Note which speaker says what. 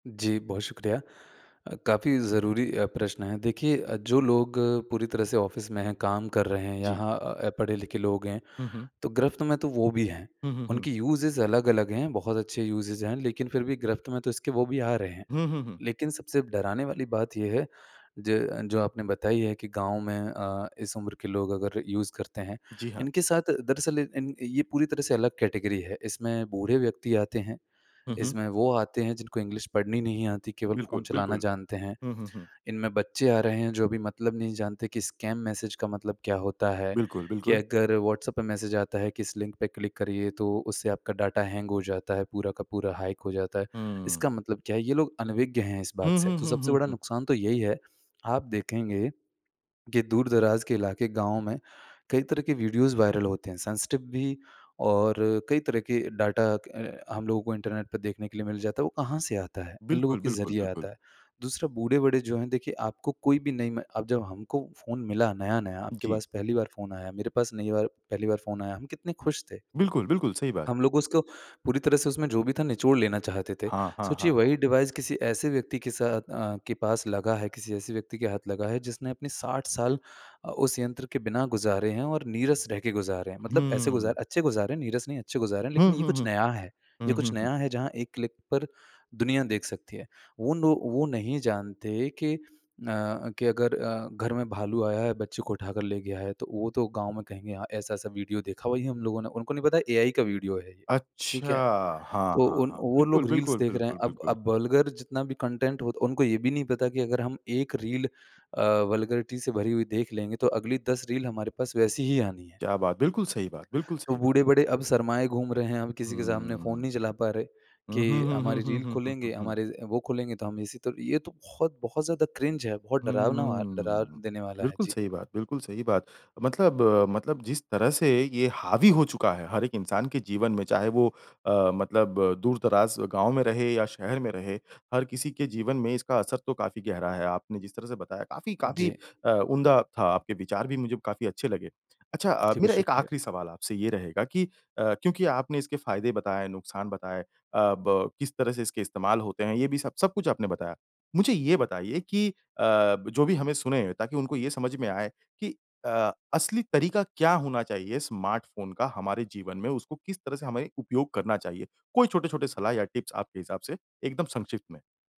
Speaker 1: जी, बहुत शुक्रिया। अ, काफ़ी ज़रूरी अ, प्रश्न है, देखिए जो लोग पूरी तरह से ऑफिस में हैं, काम कर रहे हैं,
Speaker 2: जी।
Speaker 1: यहाँ पढ़े-लिखे लोग हैं,
Speaker 2: हुँ, हुँ।
Speaker 1: तो गिरफ्त में तो वो भी हैं।
Speaker 2: हुँ, हुँ, हुँ।
Speaker 1: उनकी यूज़ेज़ अलग-अलग हैं, बहुत अच्छे यूज़ेज़ हैं लेकिन फिर भी गिरफ्त में तो इसके वो भी आ रहे हैं,
Speaker 2: हुँ, हुँ, हुँ।
Speaker 1: लेकिन सबसे डराने वाली बात ये है ज जो आपने बताई है कि गाँव में अ, इस उम्र के लोग अगर यूज़ करते हैं,
Speaker 2: जी, हाँ।
Speaker 1: इनके साथ दरअसल इन ये पूरी तरह से अलग कैटेगरी है, इसमें बूढ़े व्यक्ति आते हैं,
Speaker 2: हुँ, हुँ।
Speaker 1: इसमें वो आते हैं जिनको इंग्लिश पढ़नी नहीं आती, केवल फ़ोन
Speaker 2: बिल्कुल,
Speaker 1: चलाना
Speaker 2: बिल्कुल।
Speaker 1: जानते हैं,
Speaker 2: हुँ, हुँ, हुँ।
Speaker 1: इनमें बच्चे आ रहे हैं जो अभी मतलब नहीं जानते कि स्कैम मैसेज का मतलब क्या होता है,
Speaker 2: बिल्कुल,
Speaker 1: कि
Speaker 2: बिल्कुल।
Speaker 1: अगर व्हाट्सऐप पे मैसेज आता है कि इस लिंक पे क्लिक करिए तो उससे आपका डाटा हैंग हो जाता है, पूरा का पूरा हैक हो जाता है,
Speaker 2: हुँ।
Speaker 1: इसका मतलब क्या है? ये लोग अनविज्ञ हैं इस बात
Speaker 2: हुँ,
Speaker 1: से,
Speaker 2: हुँ,
Speaker 1: तो
Speaker 2: हुँ,
Speaker 1: सबसे
Speaker 2: हुँ,
Speaker 1: बड़ा
Speaker 2: हुँ।
Speaker 1: नुकसान तो यही है। आप देखेंगे, कि दूर-दराज के इलाके, गाँव में कई तरह के वीडियोज़ वायरल होते हैं, सेंसिटिव भी और कई तरह के डाटा अ, हम लोगों को इंटरनेट पे देखने के लिए मिल जाता है, वो कहाँ से आता है? इन लोगों
Speaker 2: बिल्कुल,
Speaker 1: के
Speaker 2: बिल्कुल,
Speaker 1: जरिए
Speaker 2: बिल्कुल।
Speaker 1: आता है। दूसरा बूढ़े-बड़े जो हैं देखिए आपको कोई भी नई मैं अब जब हमको फ़ोन मिला नया-नया, आपके
Speaker 2: जी।
Speaker 1: पास पहली बार फ़ोन आया, मेरे पास नई बार पहली बार फ़ोन आया। हम कितने खुश थे?
Speaker 2: बिल्कुल, बिल्कुल, सही बात।
Speaker 1: हम लोग उसको पूरी तरह से उसमें जो भी था निचोड़ लेना चाहते थे।
Speaker 2: हाँ, हाँ, हाँ,
Speaker 1: सोचिए वही
Speaker 2: हाँ।
Speaker 1: डिवाइस किसी ऐसे व्यक्ति के साथ अ, के पास लगा है, किसी ऐसे व्यक्ति के हाथ लगा है जिसने अपने 60 साल अ, उस यंत्र के बिना गुजारे हैं और नीरस रह के गुजारे हैं, मतलब ऐसे
Speaker 2: हुँ।
Speaker 1: गुजारे अच्छे गुजारे हैं, नीरस नहीं अच्छे गुजारे हैं
Speaker 2: हुँ,
Speaker 1: लेकिन ये
Speaker 2: हुँ,
Speaker 1: कुछ
Speaker 2: हुँ,
Speaker 1: नया है। ये
Speaker 2: हुँ,
Speaker 1: कुछ
Speaker 2: हुँ, हुँ।
Speaker 1: नया है जहाँ एक क्लिक पर दुनिया देख सकती है। वो नो वो नहीं जानते कि अ, कि अगर अ, घर में भालू आया है, बच्चे को उठाकर ले गया है तो वो तो गाँव में कहेंगे हाँ ऐसा-ऐसा वीडियो देखा वही हम लोगों ने उनको नहीं पता एआई का वीडियो है ये,
Speaker 2: अच्छा!
Speaker 1: ठीक है?
Speaker 2: हाँ,
Speaker 1: तो
Speaker 2: हाँ,
Speaker 1: उन
Speaker 2: हाँ।
Speaker 1: वो
Speaker 2: बिल्कुल,
Speaker 1: लोग रील्स
Speaker 2: बिल्कुल,
Speaker 1: देख रहे हैं।
Speaker 2: बिल्कुल,
Speaker 1: अब
Speaker 2: बिल्कुल।
Speaker 1: अब वल्गर जितना भी कंटेंट हो उनको ये भी नहीं पता कि अगर हम 1 रील अ, वल्गैरिटी से भरी हुई देख लेंगे तो अगली 10 रील हमारे पास वैसी ही आनी है।
Speaker 2: क्या बात! बिल्कुल सही बात, बिल्कुल
Speaker 1: तो
Speaker 2: सही बात।
Speaker 1: बूढ़े-बड़े अब शर्माए घूम रहे हैं, अब किसी के
Speaker 2: हुँ, हुँ,
Speaker 1: सामने
Speaker 2: हुँ,
Speaker 1: फ़ोन
Speaker 2: हुँ।
Speaker 1: नहीं चला पा रहे,
Speaker 2: हुँ, हुँ,
Speaker 1: कि
Speaker 2: हुँ, हुँ,
Speaker 1: हमारी
Speaker 2: हुँ,
Speaker 1: रील
Speaker 2: हुँ, हुँ, हुँ,
Speaker 1: खुलेंगे,
Speaker 2: हुँ।
Speaker 1: हमारे वो खुलेंगे तो हम इसी तो ये तो बहुत-बहुत ज़्यादा क्रिंज है, बहुत डरावना व डरा
Speaker 2: हुँ,
Speaker 1: देने वाला है
Speaker 2: बिल्कुल
Speaker 1: जी।
Speaker 2: सही बात, बिल्कुल सही बात। मतलब मतलब जिस तरह से ये हावी हो चुका है हर एक इंसान के जीवन में, चाहे वो अ, मतलब दूर-दराज गाँव में रहे या शहर में रहे, हर किसी के जीवन में इसका असर तो काफ़ी गहरा है, आपने जिस तरह से बताया, काफ़ी काफ़ी
Speaker 1: जी।
Speaker 2: अ, उम्दा था, आपके विचार भी मुझे काफ़ी अच्छे लगे। अच्छा अ,
Speaker 1: जी, ब
Speaker 2: मेरा 1
Speaker 1: शुक्रिया।
Speaker 2: आखिरी सवाल आपसे ये रहेगा कि अ, क्योंकि आपने इसके फ़ायदे बताए, नुकसान बताए, अ, ब किस तरह से इसके इस्तेमाल होते हैं, ये भी सब सब कुछ आपने बताया। मुझे ये बताइए कि अ, जो भी हमें सुनें, ताकि उनको ये समझ में आए कि अ, असली तरीका क्या होना चाहिए स्मार्टफ़ोन का हमारे जीवन में? उसको किस तरह से हमें उपयोग करना चाहिए? कोई छोटे-छोटे सलाह या टिप्स आपके हिसाब से, एकदम संक्षिप्त में।